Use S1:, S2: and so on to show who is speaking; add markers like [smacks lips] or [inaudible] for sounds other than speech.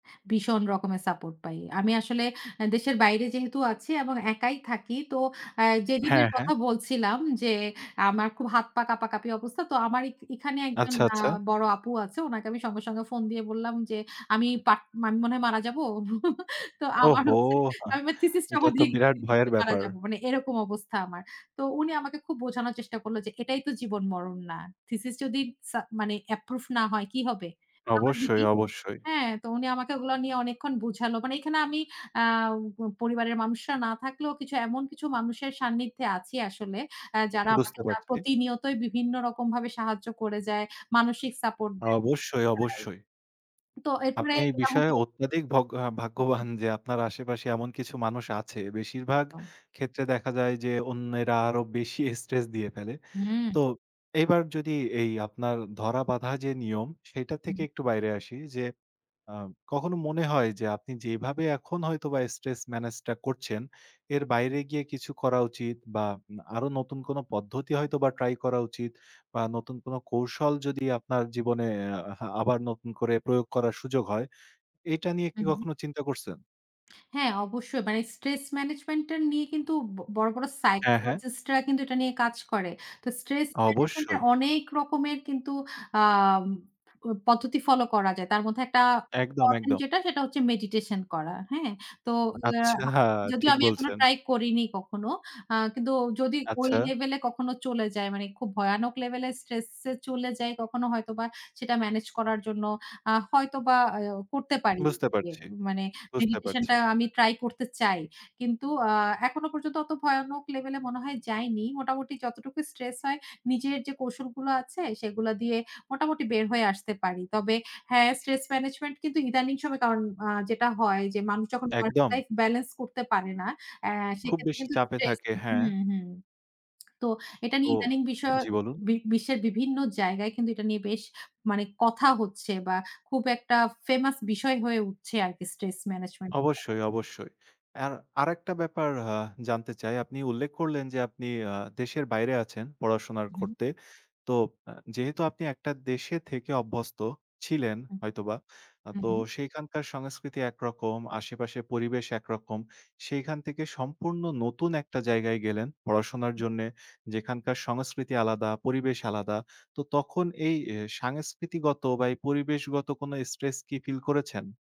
S1: ভীষণ রকমের সাপোর্ট পাই। আমি আসলে আ দেশের বাইরে যেহেতু আছি এবং একাই থাকি। তো আ
S2: হ্যাঁ,
S1: যেদিনের
S2: হ্যাঁ।
S1: কথা বলছিলাম যে, আমার খুব হাত-পা কাঁপাকাঁপি অবস্থা। তো আমার এক এখানে আ একজন
S2: আচ্ছা, আচ্ছা।
S1: বড় আপু আছে। উনাকে আমি সঙ্গে, সঙ্গে ফোন দিয়ে বললাম যে আমি বা মনে হয় মারা যাবো। [chuckles] তো আমার
S2: ওহো!
S1: হচ্ছে
S2: হা
S1: আমি থিসিসটা
S2: এটা তো বিরাট ভয়ের
S1: [unintelligible] মারা
S2: ব্যাপার।
S1: যাবো। মানে এরকম অবস্থা আমার। তো উনি আমাকে খুব বোঝানোর চেষ্টা করল যে এটাই তো জীবন মরণ না। থিসিস যদি সা মানে অ্যাপ্রুভ না হয় কি হবে? আমার দিদি
S2: অবশ্যই, অবশ্যই।
S1: হ্যাঁ, তো উনি আমাকে ওগুলা নিয়ে অনেকক্ষণ বুঝালো। মানে এখানে আমি আ পরিবারের মানুষরা না থাকলেও এমন কিছু মানুষের সান্নিধ্যে আছি আসলে। আ যারা আমাকে
S2: বুঝতে পারছি।
S1: প্রতিনিয়তই বিভিন্ন রকম ভাবে সাহায্য করে যায়। মানসিক সাপোর্ট দেয়
S2: অবশ্যই,
S1: [unintelligible]
S2: অবশ্যই।
S1: তো এরপরে
S2: আপনি এই বিষয়ে
S1: [unintelligible]
S2: অত্যাধিক ভগ্য আ
S1: উ হু।
S2: ভাগ্যবান যে আপনার আশেপাশে এমন কিছু মানুষ আছে। বেশিরভাগ
S1: তো
S2: ক্ষেত্রে দেখা যায় যে অন্যেরা আরো বেশি স্ট্রেস দিয়ে ফেলে।
S1: হুম।
S2: তো এবার যদি এই আপনার ধরা বাঁধা যে নিয়ম, সেটার
S1: হুম।
S2: থেকে একটু বাইরে আসি যে, আ কখনো মনে হয় যে, আপনি যেভাবে এখন হয়তোবা স্ট্রেস মেনেজটা করছেন, এর বাইরে গিয়ে কিছু করা উচিত বা আরো নতুন কোনো পদ্ধতি হয়তোবা ট্রাই করা উচিত বা নতুন কোনো কৌশল যদি আপনার জীবনে আ আবার নতুন করে প্রয়োগ করার সুযোগ হয়, এটা নিয়ে কি
S1: হু।
S2: কখনো চিন্তা করছেন?
S1: হ্যাঁ, অবশ্যই। মানে স্ট্রেস ম্যানেজমেন্টটা নিয়ে কিন্তু ব বড়, বড়
S2: হ্যাঁ, হ্যাঁ।
S1: সাইকোলজিস্টরা কিন্তু এটা নিয়ে কাজ করে। তো স্ট্রেস ম্যানেজমেন্ট এর
S2: অবশ্যই।
S1: অনেক রকমের কিন্তু আম প পদ্ধতি ফলো করা যায়। তার মধ্যে একটা
S2: একদম,
S1: ইম্পোর্টেন্ট
S2: একদম।
S1: যেটা, সেটা হচ্ছে মেডিটেশন করা। হ্যাঁ? তো আ
S2: আচ্ছা,
S1: যদিও
S2: ঠিক
S1: আমি এখনো
S2: বলছেন।
S1: ট্রাই করিনি কখনো। আ কিন্তু যদি ওই
S2: আচ্ছা।
S1: লেভেলে কখনো চলে যায় মানে খুব ভয়ানক লেভেলে স্ট্রেস এ চলে যাই কখনো হয়তোবা সেটা মেনেজ করার জন্য আ হয়তোবা আ করতে পারি।
S2: বুঝতে
S1: এ
S2: পারছি।
S1: মানে
S2: বুঝতে
S1: মেডিটেশনটা
S2: পারছি।
S1: আমি ট্রাই করতে চাই। কিন্তু আ এখনো পর্যন্ত অত ভয়ানক লেভেলে মনে হয় যাইনি। মোটামুটি যতটুকু স্ট্রেস হয় নিজের যে কৌশলগুলো আছে সেগুলা দিয়ে মোটামুটি বের হয়ে আসতে পারি। তবে হ্যাঁ, স্ট্রেস ম্যানেজমেন্ট কিন্তু ইদানিং সম আ যেটা হয় যে মানুষ যখন ওয়ার্ক
S2: একদম।
S1: লাইফ বেলেন্স করতে পারে না, আ
S2: খুব
S1: সেক্ষেত্রে
S2: বেশি
S1: কিন্তু
S2: চাপে
S1: স্ট্রেস
S2: থাকে
S1: হু,
S2: হ্যাঁ।
S1: হু। [smacks lips] তো এটা
S2: তো
S1: নিয়ে ইদানিং বিষয়
S2: জ্বি ,বলুন।
S1: বি বিশ্বের বিভিন্ন জায়গায় কিন্তু এটা নিয়ে বেশ মানে কথা হচ্ছে বা খুব একটা ফেমাস বিষয় হয়ে উঠছে আরকি স্ট্রেস ম্যানেজমেন্টটা।
S2: অবশ্যই, অবশ্যই। আর আরেকটা ব্যাপার আ জানতে চাই আপনি উল্লেখ করলেন যে আপনি আ দেশের বাইরে আছেন পড়াশোনা
S1: হুম।
S2: করতে। তো আ যেহেতু আপনি একটা দেশে থেকে অভ্যস্ত ছিলেন
S1: হুম।
S2: হয়তোবা। আ
S1: হু,
S2: তো
S1: হু।
S2: সেখানকার সংস্কৃতি একরকম আশেপাশের পরিবেশ একরকম। সেখান থেকে সম্পূর্ণ নতুন একটা জায়গায় গেলেন পড়াশোনার
S1: হু।
S2: জন্যে যেখানকার সংস্কৃতি আলাদা পরিবেশ আলাদা। তো তখন এই সাংস্কৃতিগত বা এই পরিবেশগত কোনো স্ট্রেস কি ফিল করেছেন?